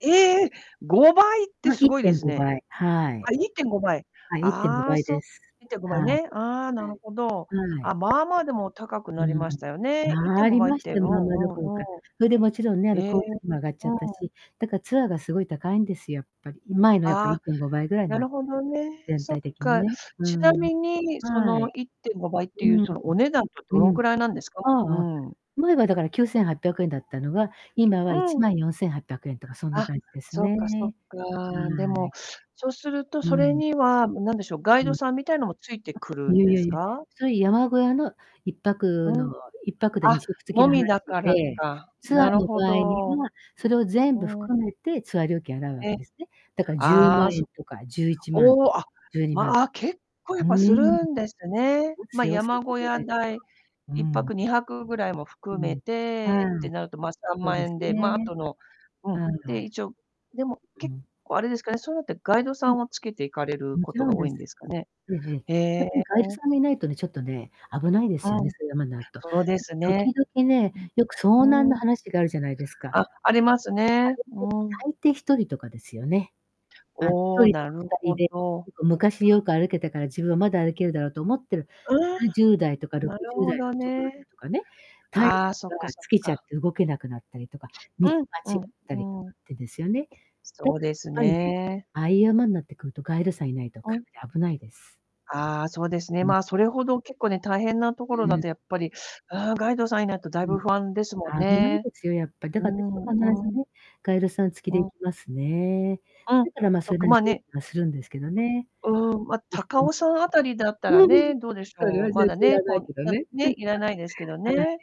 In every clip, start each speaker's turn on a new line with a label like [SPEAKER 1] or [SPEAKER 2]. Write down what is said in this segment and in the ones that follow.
[SPEAKER 1] ええ、5倍って
[SPEAKER 2] ま、
[SPEAKER 1] す
[SPEAKER 2] いっ
[SPEAKER 1] ごい
[SPEAKER 2] て
[SPEAKER 1] で
[SPEAKER 2] ん
[SPEAKER 1] す
[SPEAKER 2] ご
[SPEAKER 1] ね。
[SPEAKER 2] ばい、はい。
[SPEAKER 1] あ、1.5倍。
[SPEAKER 2] あ、いってんご
[SPEAKER 1] あ
[SPEAKER 2] ば
[SPEAKER 1] あ、
[SPEAKER 2] い
[SPEAKER 1] そ
[SPEAKER 2] です。
[SPEAKER 1] いってんご
[SPEAKER 2] は
[SPEAKER 1] ばい
[SPEAKER 2] い。
[SPEAKER 1] ね、ああ、なるほど。
[SPEAKER 2] うん。はい。
[SPEAKER 1] あ、まあまあでも高く
[SPEAKER 2] う
[SPEAKER 1] なり
[SPEAKER 2] ん、
[SPEAKER 1] ましたよね。いってん
[SPEAKER 2] 参
[SPEAKER 1] ご
[SPEAKER 2] り
[SPEAKER 1] ばいっ
[SPEAKER 2] まし
[SPEAKER 1] てう
[SPEAKER 2] て、
[SPEAKER 1] ん
[SPEAKER 2] まあまあど
[SPEAKER 1] う
[SPEAKER 2] ころ
[SPEAKER 1] んう
[SPEAKER 2] か。
[SPEAKER 1] ん。
[SPEAKER 2] それでもちろんね、あの
[SPEAKER 1] え
[SPEAKER 2] 交通費も上がっちゃ
[SPEAKER 1] う
[SPEAKER 2] った
[SPEAKER 1] ん。
[SPEAKER 2] し、だからツアーがすごい高いんですよ、やっぱり。前のやっぱりいっ
[SPEAKER 1] あ、
[SPEAKER 2] てんごばいぐらいに
[SPEAKER 1] な
[SPEAKER 2] なっ
[SPEAKER 1] る
[SPEAKER 2] て。
[SPEAKER 1] ほどね、
[SPEAKER 2] 全
[SPEAKER 1] そっ
[SPEAKER 2] 体的に
[SPEAKER 1] か。
[SPEAKER 2] ね。う
[SPEAKER 1] ちな
[SPEAKER 2] ーん。
[SPEAKER 1] みにそ
[SPEAKER 2] は
[SPEAKER 1] の
[SPEAKER 2] い。
[SPEAKER 1] 1.5倍っ
[SPEAKER 2] う
[SPEAKER 1] て
[SPEAKER 2] ー
[SPEAKER 1] いう、
[SPEAKER 2] ん、ん、
[SPEAKER 1] そのお値段ってど
[SPEAKER 2] う
[SPEAKER 1] の
[SPEAKER 2] ん。
[SPEAKER 1] くらいなんですか？う
[SPEAKER 2] ああ、
[SPEAKER 1] ん。
[SPEAKER 2] 前はだから9800円だったのが、今はいち
[SPEAKER 1] うん。
[SPEAKER 2] まんよんせんはっぴゃくえんとかそんな
[SPEAKER 1] あ、
[SPEAKER 2] 感じです
[SPEAKER 1] そっ
[SPEAKER 2] ね。
[SPEAKER 1] かそっか。で
[SPEAKER 2] は
[SPEAKER 1] も、
[SPEAKER 2] い。
[SPEAKER 1] そうすると
[SPEAKER 2] う
[SPEAKER 1] それ
[SPEAKER 2] ん。
[SPEAKER 1] には、も、何でしょう、ガイ
[SPEAKER 2] うん。
[SPEAKER 1] ド
[SPEAKER 2] わ
[SPEAKER 1] さんみたいなのも付いてくる
[SPEAKER 2] い
[SPEAKER 1] ん
[SPEAKER 2] やい
[SPEAKER 1] で
[SPEAKER 2] や
[SPEAKER 1] す
[SPEAKER 2] いや。
[SPEAKER 1] か？
[SPEAKER 2] そういう山小屋のいっぱ
[SPEAKER 1] う
[SPEAKER 2] くの、
[SPEAKER 1] ん、
[SPEAKER 2] 1泊でに
[SPEAKER 1] あ、
[SPEAKER 2] しょく付き
[SPEAKER 1] も
[SPEAKER 2] の話
[SPEAKER 1] みだから
[SPEAKER 2] で、
[SPEAKER 1] か、
[SPEAKER 2] ツアー
[SPEAKER 1] なる
[SPEAKER 2] の
[SPEAKER 1] ほ
[SPEAKER 2] 場合に
[SPEAKER 1] ど。
[SPEAKER 2] は、それを
[SPEAKER 1] う
[SPEAKER 2] 全部
[SPEAKER 1] ーん。
[SPEAKER 2] 含めてツアー料金を払うわけ
[SPEAKER 1] え、
[SPEAKER 2] ですね。だからじゅう
[SPEAKER 1] あ
[SPEAKER 2] ま
[SPEAKER 1] あ、
[SPEAKER 2] んえ
[SPEAKER 1] そ
[SPEAKER 2] ん
[SPEAKER 1] う。
[SPEAKER 2] とかじゅういちま
[SPEAKER 1] お
[SPEAKER 2] ん、
[SPEAKER 1] お、あ、
[SPEAKER 2] 12万。う
[SPEAKER 1] まあ結構やっ
[SPEAKER 2] ー
[SPEAKER 1] ぱす
[SPEAKER 2] ん。
[SPEAKER 1] るんですね。
[SPEAKER 2] も
[SPEAKER 1] ま、
[SPEAKER 2] ち、よう散
[SPEAKER 1] 山
[SPEAKER 2] 歩
[SPEAKER 1] 小
[SPEAKER 2] ぐら
[SPEAKER 1] 屋
[SPEAKER 2] いならば。
[SPEAKER 1] 代、
[SPEAKER 2] うー
[SPEAKER 1] 1泊、
[SPEAKER 2] ん。
[SPEAKER 1] 2泊ぐらいも
[SPEAKER 2] う
[SPEAKER 1] 含め
[SPEAKER 2] ん、は
[SPEAKER 1] てって
[SPEAKER 2] あ、
[SPEAKER 1] なると、まあさん
[SPEAKER 2] そ
[SPEAKER 1] ま
[SPEAKER 2] う
[SPEAKER 1] ん
[SPEAKER 2] で
[SPEAKER 1] え
[SPEAKER 2] す
[SPEAKER 1] んで、ま、
[SPEAKER 2] ね。
[SPEAKER 1] 後のう
[SPEAKER 2] あ
[SPEAKER 1] ん、で、
[SPEAKER 2] あ。
[SPEAKER 1] 一応でも
[SPEAKER 2] う
[SPEAKER 1] 結
[SPEAKER 2] ん。
[SPEAKER 1] 構あれですかね、そういうのってガイドさ
[SPEAKER 2] う
[SPEAKER 1] んを付けて行かれる
[SPEAKER 2] おも
[SPEAKER 1] こ
[SPEAKER 2] ち
[SPEAKER 1] と
[SPEAKER 2] ろん
[SPEAKER 1] が多
[SPEAKER 2] で
[SPEAKER 1] いん
[SPEAKER 2] す。
[SPEAKER 1] ですかね。
[SPEAKER 2] ええええ。
[SPEAKER 1] へ
[SPEAKER 2] やっ
[SPEAKER 1] え。
[SPEAKER 2] ぱりガイドさんがいないとね、ちょっとね、危ないで
[SPEAKER 1] う
[SPEAKER 2] すよね、
[SPEAKER 1] ん、
[SPEAKER 2] そういう、ま、なると。
[SPEAKER 1] そうです
[SPEAKER 2] なんか
[SPEAKER 1] ね。
[SPEAKER 2] 時々ね、よく
[SPEAKER 1] う
[SPEAKER 2] 遭難
[SPEAKER 1] ん。
[SPEAKER 2] の
[SPEAKER 1] うーん。
[SPEAKER 2] 話があるじゃないですか。
[SPEAKER 1] あ、あります
[SPEAKER 2] あ
[SPEAKER 1] ね。
[SPEAKER 2] れって、
[SPEAKER 1] うん。
[SPEAKER 2] 大抵1人とかですよね。あ、ひ
[SPEAKER 1] お
[SPEAKER 2] と
[SPEAKER 1] お、
[SPEAKER 2] りと
[SPEAKER 1] な
[SPEAKER 2] か
[SPEAKER 1] る
[SPEAKER 2] 2人
[SPEAKER 1] ほ
[SPEAKER 2] で、ち
[SPEAKER 1] ど。
[SPEAKER 2] ょっと昔よく歩けたから、自分はまだ歩けるだろうと思ってる、
[SPEAKER 1] ああ、
[SPEAKER 2] 70代とか ろ
[SPEAKER 1] な
[SPEAKER 2] く
[SPEAKER 1] る
[SPEAKER 2] じゅう
[SPEAKER 1] ほ
[SPEAKER 2] だい
[SPEAKER 1] ど
[SPEAKER 2] の男の
[SPEAKER 1] ね。
[SPEAKER 2] 人とかね、体力
[SPEAKER 1] ああ、そっか
[SPEAKER 2] が
[SPEAKER 1] そっ
[SPEAKER 2] 尽きちゃっ
[SPEAKER 1] か。
[SPEAKER 2] て動けなくなったりとか、道
[SPEAKER 1] うん
[SPEAKER 2] 間
[SPEAKER 1] うん、
[SPEAKER 2] 違ったりか
[SPEAKER 1] うーん。
[SPEAKER 2] ってですよね。だ
[SPEAKER 1] そう
[SPEAKER 2] からっ
[SPEAKER 1] です
[SPEAKER 2] ぱいね、
[SPEAKER 1] ね。
[SPEAKER 2] ああいう山んなってくると、ガイドさんいないと
[SPEAKER 1] う
[SPEAKER 2] か
[SPEAKER 1] ん。
[SPEAKER 2] なり危ないです。
[SPEAKER 1] ああ、そうですね、
[SPEAKER 2] うん。
[SPEAKER 1] まあそれほど結構ね、大変な
[SPEAKER 2] う
[SPEAKER 1] 所だ
[SPEAKER 2] ーん。
[SPEAKER 1] とやっぱり、あ、ガイドさんいないと大
[SPEAKER 2] う
[SPEAKER 1] 分
[SPEAKER 2] ん、
[SPEAKER 1] 不安ですもん
[SPEAKER 2] 危ない
[SPEAKER 1] ね。
[SPEAKER 2] ですよ、やっぱ。だ
[SPEAKER 1] うー
[SPEAKER 2] から私と必
[SPEAKER 1] ん、
[SPEAKER 2] ず
[SPEAKER 1] うん。
[SPEAKER 2] ね、ガイドさん付き
[SPEAKER 1] う
[SPEAKER 2] で行
[SPEAKER 1] ん。
[SPEAKER 2] きますね。
[SPEAKER 1] うん、
[SPEAKER 2] だから、ま、
[SPEAKER 1] そ
[SPEAKER 2] そ
[SPEAKER 1] っ
[SPEAKER 2] れ
[SPEAKER 1] か
[SPEAKER 2] なり
[SPEAKER 1] まあね。
[SPEAKER 2] はするんですけどね。
[SPEAKER 1] うーん、ま、
[SPEAKER 2] おふ
[SPEAKER 1] 高
[SPEAKER 2] とみん。
[SPEAKER 1] 尾山あたりだったらね、どうでし
[SPEAKER 2] それ
[SPEAKER 1] ょう、
[SPEAKER 2] は
[SPEAKER 1] ま
[SPEAKER 2] 全
[SPEAKER 1] だ
[SPEAKER 2] 然要
[SPEAKER 1] ね、
[SPEAKER 2] らな
[SPEAKER 1] こ
[SPEAKER 2] い
[SPEAKER 1] ん
[SPEAKER 2] けど
[SPEAKER 1] な
[SPEAKER 2] ね。
[SPEAKER 1] ね、いらないですけど
[SPEAKER 2] はい、
[SPEAKER 1] ね。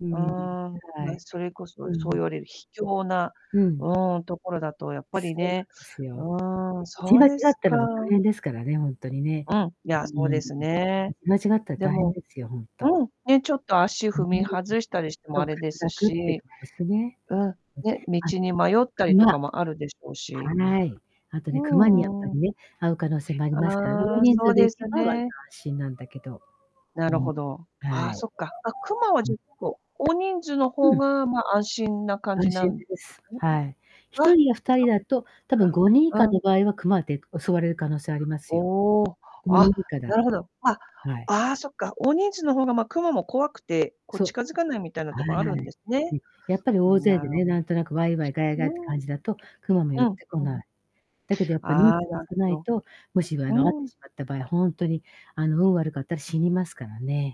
[SPEAKER 2] うー
[SPEAKER 1] うー
[SPEAKER 2] ん、
[SPEAKER 1] ん、
[SPEAKER 2] は
[SPEAKER 1] ま、
[SPEAKER 2] い。
[SPEAKER 1] それこそ
[SPEAKER 2] う
[SPEAKER 1] そう
[SPEAKER 2] ん。
[SPEAKER 1] 言われる秘境な
[SPEAKER 2] うん。
[SPEAKER 1] うーん、ところだとやっぱり
[SPEAKER 2] そうな
[SPEAKER 1] ね、
[SPEAKER 2] んですよ。
[SPEAKER 1] うーん、
[SPEAKER 2] ち
[SPEAKER 1] そう
[SPEAKER 2] 間違
[SPEAKER 1] で
[SPEAKER 2] っ
[SPEAKER 1] す
[SPEAKER 2] た
[SPEAKER 1] か。
[SPEAKER 2] らもう大変ですからね、ほんとにね。
[SPEAKER 1] うん、い
[SPEAKER 2] う
[SPEAKER 1] や、
[SPEAKER 2] ー
[SPEAKER 1] そう
[SPEAKER 2] ん、ん。
[SPEAKER 1] で
[SPEAKER 2] ん、
[SPEAKER 1] すね。
[SPEAKER 2] 間違ったら
[SPEAKER 1] で
[SPEAKER 2] 大変
[SPEAKER 1] も
[SPEAKER 2] ですよ、ほんと。
[SPEAKER 1] うん、ね、ちょっと足踏み 外したりしても
[SPEAKER 2] そ
[SPEAKER 1] あ
[SPEAKER 2] う、滑
[SPEAKER 1] れです
[SPEAKER 2] 落っていう
[SPEAKER 1] し。
[SPEAKER 2] のもあるしね。
[SPEAKER 1] うん、
[SPEAKER 2] え、
[SPEAKER 1] ね、道
[SPEAKER 2] あんで、
[SPEAKER 1] に迷ったりと
[SPEAKER 2] 熊
[SPEAKER 1] かもあるでしょうし。
[SPEAKER 2] はい。あとね、
[SPEAKER 1] う
[SPEAKER 2] 熊にやっぱ
[SPEAKER 1] んう
[SPEAKER 2] り
[SPEAKER 1] ん。
[SPEAKER 2] ね、遭う可能性もありますからね、
[SPEAKER 1] あ
[SPEAKER 2] 大
[SPEAKER 1] あ、
[SPEAKER 2] 人
[SPEAKER 1] そ
[SPEAKER 2] 数
[SPEAKER 1] う
[SPEAKER 2] で
[SPEAKER 1] で
[SPEAKER 2] 行け
[SPEAKER 1] す
[SPEAKER 2] ば割と
[SPEAKER 1] ね。
[SPEAKER 2] 安心なんだけど。
[SPEAKER 1] な
[SPEAKER 2] う
[SPEAKER 1] る
[SPEAKER 2] ん、
[SPEAKER 1] ほど、あ
[SPEAKER 2] は
[SPEAKER 1] あ、
[SPEAKER 2] い。
[SPEAKER 1] そっか。あ、クマは
[SPEAKER 2] う
[SPEAKER 1] じぇ
[SPEAKER 2] ん。
[SPEAKER 1] っこ、大人数の
[SPEAKER 2] う
[SPEAKER 1] 方
[SPEAKER 2] ん。
[SPEAKER 1] が、ま、安心な感
[SPEAKER 2] 安
[SPEAKER 1] じな
[SPEAKER 2] 心
[SPEAKER 1] んで
[SPEAKER 2] で
[SPEAKER 1] す
[SPEAKER 2] す。
[SPEAKER 1] かね。
[SPEAKER 2] はい。ひと
[SPEAKER 1] あ、
[SPEAKER 2] りや2人
[SPEAKER 1] そっ
[SPEAKER 2] だと、たぶん
[SPEAKER 1] か。
[SPEAKER 2] 5人以下
[SPEAKER 1] うん。
[SPEAKER 2] の場合は熊って襲われる可能性ありますよ。
[SPEAKER 1] おお。
[SPEAKER 2] 5人
[SPEAKER 1] あ、
[SPEAKER 2] 以下だ
[SPEAKER 1] なるほど。あ、
[SPEAKER 2] はい。
[SPEAKER 1] ああそっか、大人数の方がまあクマも怖くて、こう
[SPEAKER 2] そう。
[SPEAKER 1] 近づかないみたいな
[SPEAKER 2] は
[SPEAKER 1] とこあるんですね。
[SPEAKER 2] い。え、やっぱり大勢
[SPEAKER 1] な
[SPEAKER 2] で
[SPEAKER 1] る
[SPEAKER 2] ね、なんとなくワイワイガヤガヤ
[SPEAKER 1] う
[SPEAKER 2] って
[SPEAKER 1] ん。
[SPEAKER 2] 感じだと、熊も寄
[SPEAKER 1] う
[SPEAKER 2] っ
[SPEAKER 1] ん
[SPEAKER 2] てこ
[SPEAKER 1] うん。
[SPEAKER 2] ない。だけどやっぱ人
[SPEAKER 1] ああ、
[SPEAKER 2] 数が
[SPEAKER 1] なる
[SPEAKER 2] 少
[SPEAKER 1] ほ
[SPEAKER 2] ない
[SPEAKER 1] ど。
[SPEAKER 2] と、もしもあの遭っ
[SPEAKER 1] う
[SPEAKER 2] て
[SPEAKER 1] ん。
[SPEAKER 2] しまった場合、ほんとにあの運悪かったら死にますからね。